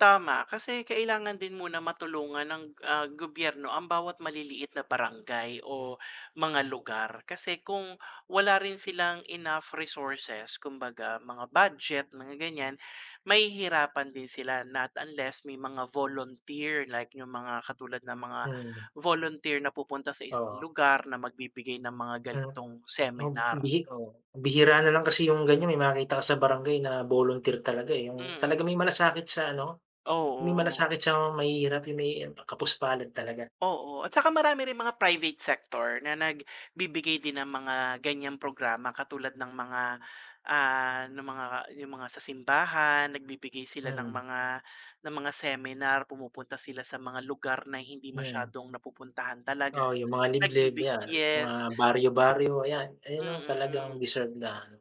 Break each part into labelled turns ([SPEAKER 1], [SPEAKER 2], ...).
[SPEAKER 1] Tama kasi kailangan din muna matulungan ng, ah, gobyerno ang bawat maliliit na barangay o mga lugar kasi kung wala rin silang enough resources kumbaga mga budget mga ganyan, mahihirapan din sila not unless may mga volunteer like yung mga katulad ng mga
[SPEAKER 2] Mm.
[SPEAKER 1] volunteer na pupunta sa isang
[SPEAKER 2] Oo.
[SPEAKER 1] lugar na magbibigay ng mga
[SPEAKER 2] Hmm,
[SPEAKER 1] ganitong
[SPEAKER 2] oh
[SPEAKER 1] seminar.
[SPEAKER 2] bihi oo bihira nalang kasi yung ganyan may makakita ka sa barangay na volunteer talaga, eh, yung
[SPEAKER 1] Mm.
[SPEAKER 2] talagang may malasakit sa ano, yung may
[SPEAKER 1] Oo.
[SPEAKER 2] malasakit sa mahihirap yung may kapos-palad talaga.
[SPEAKER 1] Oo at saka marami rin mga private sector na nagbibigay din ng mga ganyang programa katulad ng mga ah, ng mga, yung mga sa simbahan nagbibigay sila ng
[SPEAKER 2] Mm.
[SPEAKER 1] mga ng mga seminar, pumupunta sila sa mga lugar na hindi
[SPEAKER 2] Hmm.
[SPEAKER 1] masyadong napupuntahan talaga
[SPEAKER 2] Oo yung mga liblib
[SPEAKER 1] nagbibig
[SPEAKER 2] yan mga
[SPEAKER 1] yes.
[SPEAKER 2] baryo, baryo ayan, ayan no
[SPEAKER 1] Mm.
[SPEAKER 2] talagang deserve na ano.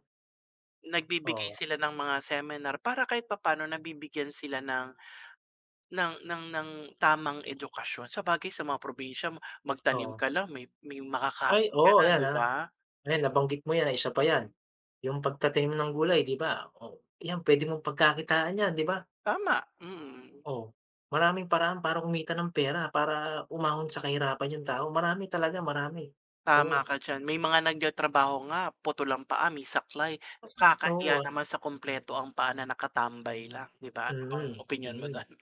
[SPEAKER 1] Nagbibigay
[SPEAKER 2] Oo.
[SPEAKER 1] sila ng mga seminar para kahit papaano nabibigyan sila ng ng ng ng tamang edukasyon sabagay sa mga probinsya ma magtanim
[SPEAKER 2] Oo.
[SPEAKER 1] ka lang may may
[SPEAKER 2] Ay
[SPEAKER 1] makakain ka na
[SPEAKER 2] oh yan,
[SPEAKER 1] di
[SPEAKER 2] ah,
[SPEAKER 1] ba?
[SPEAKER 2] ayan nabanggit mo yan, ah, isa pa yan, yung pagtatanim ng gulay di ba o yan puwede mong pagkakitaan yan di ba?
[SPEAKER 1] Tama mm.
[SPEAKER 2] Oh maraming paraan para kumita ng pera para umahon sa kahirapan yung tao, marami talaga marami
[SPEAKER 1] Tama
[SPEAKER 2] oo.
[SPEAKER 1] ka diyan may mga nagtatrabaho nga putol ang paa, may saklay
[SPEAKER 2] Oo
[SPEAKER 1] nakakahiya
[SPEAKER 2] ah.
[SPEAKER 1] naman sa kumpleto ang paa na nakatambay lang di ba? Anong
[SPEAKER 2] Mm,
[SPEAKER 1] opinyon mo
[SPEAKER 2] mm.
[SPEAKER 1] dun?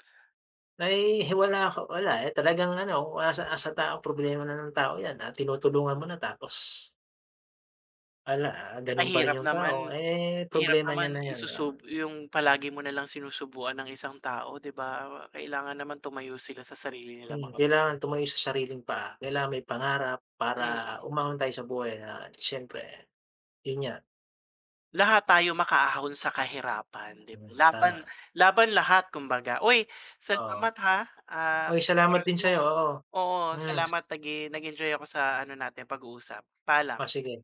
[SPEAKER 2] Na, eh, hi wala ako, wala, eh, talagang ano, ah, nasa nasa tao problema na ng tao yan, ah, tinutulungan mo na tapos Wala, ah,
[SPEAKER 1] Ang
[SPEAKER 2] ganun pa rin
[SPEAKER 1] hirap
[SPEAKER 2] yung tao,
[SPEAKER 1] naman,
[SPEAKER 2] eh,
[SPEAKER 1] hirap
[SPEAKER 2] problema niya
[SPEAKER 1] naman
[SPEAKER 2] na yan, ah.
[SPEAKER 1] isusub yung palagi mo nalang sinusubuan ang isang tao di ba? Kailangan naman tumayo sila sa sarili nilang
[SPEAKER 2] Hmm,
[SPEAKER 1] mga p
[SPEAKER 2] kailangan tumayo sa sariling paa, kailangan may pangarap para
[SPEAKER 1] Mm.
[SPEAKER 2] umahon tayo sa buhay at siyempre yun nga.
[SPEAKER 1] Lahat tayo makaahon sa kahirapan dib
[SPEAKER 2] Hmm,
[SPEAKER 1] laban
[SPEAKER 2] tama.
[SPEAKER 1] laban lahat kumbaga uy
[SPEAKER 2] Oo.
[SPEAKER 1] salamat ha, ah,
[SPEAKER 2] Uy
[SPEAKER 1] sa
[SPEAKER 2] salamat
[SPEAKER 1] oras
[SPEAKER 2] din sayo
[SPEAKER 1] mo
[SPEAKER 2] oo,
[SPEAKER 1] oo
[SPEAKER 2] mm, s
[SPEAKER 1] salamat nag-e nag-enjoy ako sa ano natin pag-uusap paalam.
[SPEAKER 2] Oh sige.